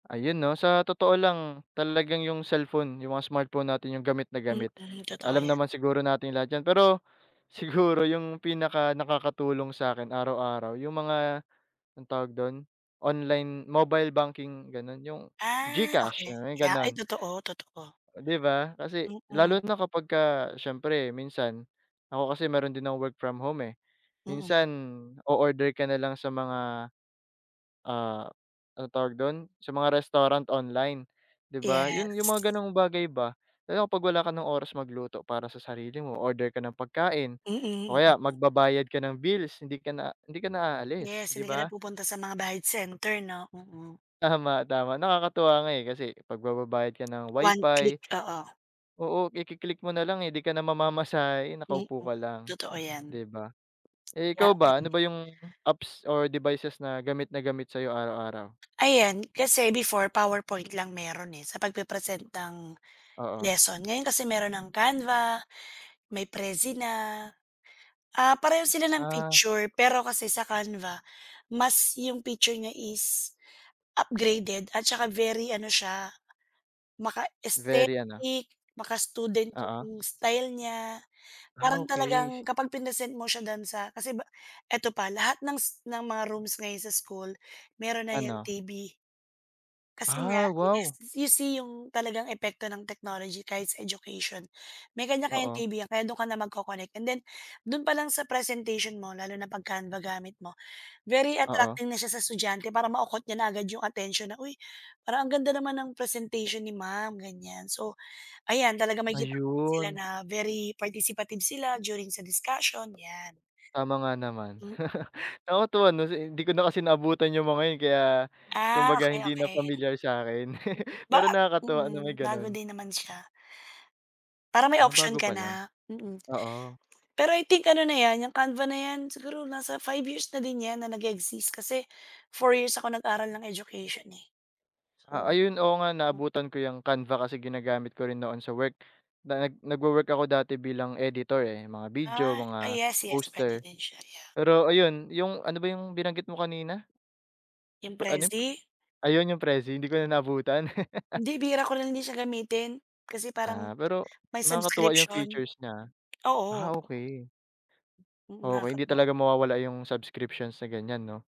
Ayun, 'no? Sa totoo lang talagang yung cellphone, yung mga smartphone natin yung gamit na gamit, Mm, totoo alam yan. naman siguro natin lahat yan. Pero siguro yung pinakanakakatulong sa'kin araw-araw, yung mga anong tawag dun, online mobile banking, gano'n, yung Ah, GCash, okey. yung Yeah. Ay, ganun. totoo, totoo. Di ba? Kasi Mm. lalo na kapagka siyempre minsan ako kasi meron din akong work from home eh. Mm. Minsan, o-order ka nalang sa mga, ah, anong tawag dun, sa mga restaurant online, di ba? Yun yung Yes. mga gano'ng bagay ba lalo na 'pag wala ka ng oras magluto para sa sarili mo, o-order ka ng pagkain Mm, o mm, kaya mm. magbabayad ka ng bills hindi ka na hindi ka na aalis, Yes, di hindi ka na ba? pupunta sa mga bayad center, 'no? Mm. Tama, tama, nakakatuwa nga eh, kasi 'pag magbabayad ka ng One click, WiFi oo. Oo, iki-click mo nalang eh, di ka na mamamasahe, Mm, nakaupo ka lang, totoo yan. di ba? Eh, Ya ikaw ba, ano kadi ba yung apps or devices na gamit na gamit sa'yo araw-araw? Ayan, kasi before PowerPoint lang meron eh, sa pagpe-present ng Oo. lesson. Ngayon kasi meron ng Canva, may Prezi na, ah, pareho sila ng Ah. picture pero kasi sa Canva mas yung picture niya is upgraded at saka very ano siya, Very ano? maka-aesthetic, maka-student Oo. yung style niya. Ah, Parang talagang okey. kapag prinesent mo siya dun sa kasi ba eto pa, lahat ng s ng mga rooms ngayon sa school meron na yan Ano? TV. Kasi nga Ah, is wow. you see yung talagang epekto ng technology kahit sa education. May kanya-kanyang Oo. TV yan, kaya dun ka na magco-connect and then dun palang sa presentation mo lalo na 'pag Canva gamit mo, very Oo. attracting na siya sa estudyante para mako-caught niya na agad yung atensyon na, "Uy, parang ang ganda naman ng presentation ni ma'am," ganiyan. So, ayan, talaga makikita mo din sila Ayun. na very participative sila during sa discussion, yan. Tama nga naman. Mm. Nakakatuwa 'no, kasi hindi ko na kasi naabutan yung mga yun kaya Ah, kumbaga okey, hindi na okey. pamilyar sa'kin. Mm, ba Pero nakakatuwa na mm, may bago gano'n. din naman siya. Para may Ah, option bago ka palang? na, mm. Oo. Pero I think ano na yan, yung canva na yan, siguro nasa 5 years na din yan na nag-e-exist kasi 4 years ako nag-aral ng education eh. Ah, So ayun, oo nga, hmm. naabutan ko yung Canva kasi ginagamit ko rin noon sa work. Na nag nagwo-work ako dati bilang editor eh, mga video, Ah. Ah, mga yes, yes, pwede poster. din siya. Yeah. Pero ayun, yung ano ba yung binanggit mo kanina? Yung Ano yun, p Prezi? ayun, yung Prezi. Hindi ko na naabutan. Hindi, bihira ko lang din siya gamitin kasi parang Ah, pero may nakakatuwa yung subscription. features niya ah. Ah, Oo. okey. Mm, Okey, hindi nakakatuwa. talaga mawawala yung subscriptions sa ganiyan, 'no?